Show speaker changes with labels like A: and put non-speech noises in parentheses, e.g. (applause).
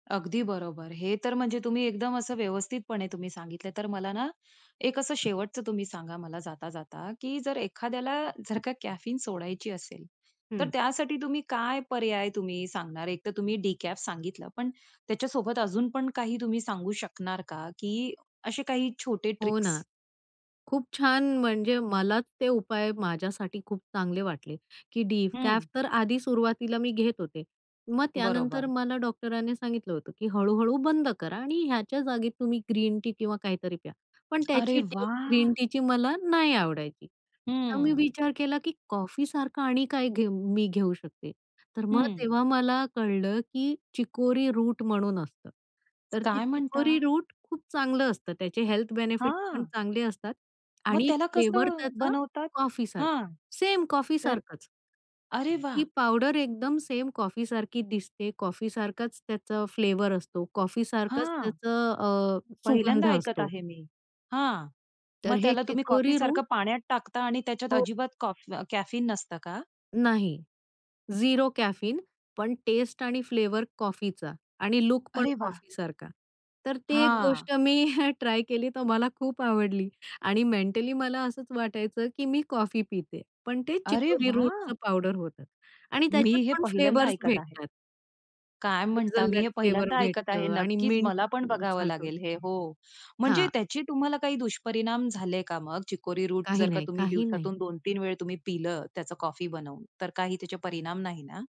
A: अगदी बरोबर. हे तर म्हणजे तुम्ही एकदम असं व्यवस्थितपणे तुम्ही सांगितल तर मला ना, एक असं शेवटचं तुम्ही सांगा मला जाता, जाता की जर एखाद्याला जर का कॅफीन सोडायची असेल, तर
B: हं.
A: त्यासाठी तुम्ही काय पर्याय तुम्ही सांगणार? एकतर तुम्ही डिकॅफ सांगितलं, पण त्याच्यासोबत अजून पण काही तुम्ही सांगू शकणार का? की असे काही छोटे
B: हो
A: ट्रिक्स?
B: ना, खूप छान. म्हणजे मलाच ते उपाय माझ्यासाठी खूप चांगले वाटले की
A: हं.
B: डिकॅफ तर आधी सुरुवातीला मी घेत होते. मग त्यानंतर
A: बरोबर.
B: मला डॉक्टरांनी सांगितलं होतं की हळू-हळू बंद करा आणि ह्याच्या जागी तुम्ही ग्रीन टी किंवा काहीतरी प्या. पण
A: अरे
B: त्याची टेस्ट, ग्रीन
A: वाह!
B: टीची मला नाही आवडायची. तर मी
A: हं.
B: विचार केला की कॉफीसारखं आणि काय घेऊ मी घेऊ शकते? तर मग
A: हं.
B: तेव्हा मला कळलं की चिकोरी रूट म्हणून असतं. तर ते
A: काय
B: चिकोरी
A: म्हणता?
B: रूट खूप चांगलं असतं, त्याचे हेल्थ बेनिफिट्स पण
A: हां.
B: चांगले असतात
A: मग
B: आणि एक
A: त्याला
B: फ्लेव्हर
A: कसं
B: त्याचा
A: बनवतात?
B: कॉफीसारखं,
A: हां.
B: सेम
A: तर
B: कॉफीसारखंच.
A: अरे वाह!
B: ती पावडर एकदम सेंम कॉफी सारखी दिसते, कॉफी सारखाच त्याचा फ्लेवर असतो, कॉफी सारखंच
A: हां.
B: त्याचं अ,
A: पहिल्यांदा
B: सुगंध
A: ऐकत
B: असतो.
A: आहे मी. हां. मग
B: तर हे
A: त्याला तुम्ही कॉफी
B: चिकोरी
A: सारखं
B: रूट
A: पाण्यात टाकता आणि त्याच्यात
B: हो.
A: अजिबात कॉफ कॅफीन नसतं का?
B: नाही. झिरो कॅफीन पण टेस्ट आणि फ्लेव्हर कॉफीचा आणि लूकपण
A: अरे वाह!
B: कॉफीसारखा. तर ती एक
A: हां.
B: गोष्ट मी हं (chuckles) ट्राय केली तर मला खूप आवडली आणि मेंटली मला असंच वाटायचं की मी कॉफी पिते, पण ते
A: अरे
B: चिकोरी
A: वाह!
B: रूटचं पावडर होतं आणि
A: मी
B: त्याच्यात
A: हे
B: पण
A: पहिल्यांदा
B: फ्लेव्हर्स
A: ऐकत आहे.
B: भेटतात.
A: काय म्हणता? मी
B: हेजलनट
A: हे
B: फ्लेवर
A: पहिल्यांदा ऐकत आहे.
B: भेटतं आणि
A: नक्कीच मला पण बघावं
B: मिंटसारखं.
A: लागेल हे हो. म्हणजे
B: हां.
A: त्याचे तुम्हाला काही दुष्परिणाम झाले का मग? चिकोरी रूट
B: काही
A: जर का
B: नाही,
A: तुम्ही
B: काही नाही.
A: दिवसातून 2-3 वेळा तुम्ही पिलं त्याचं कॉफी बनवून, तर काही त्याचे परिणाम नाही ना?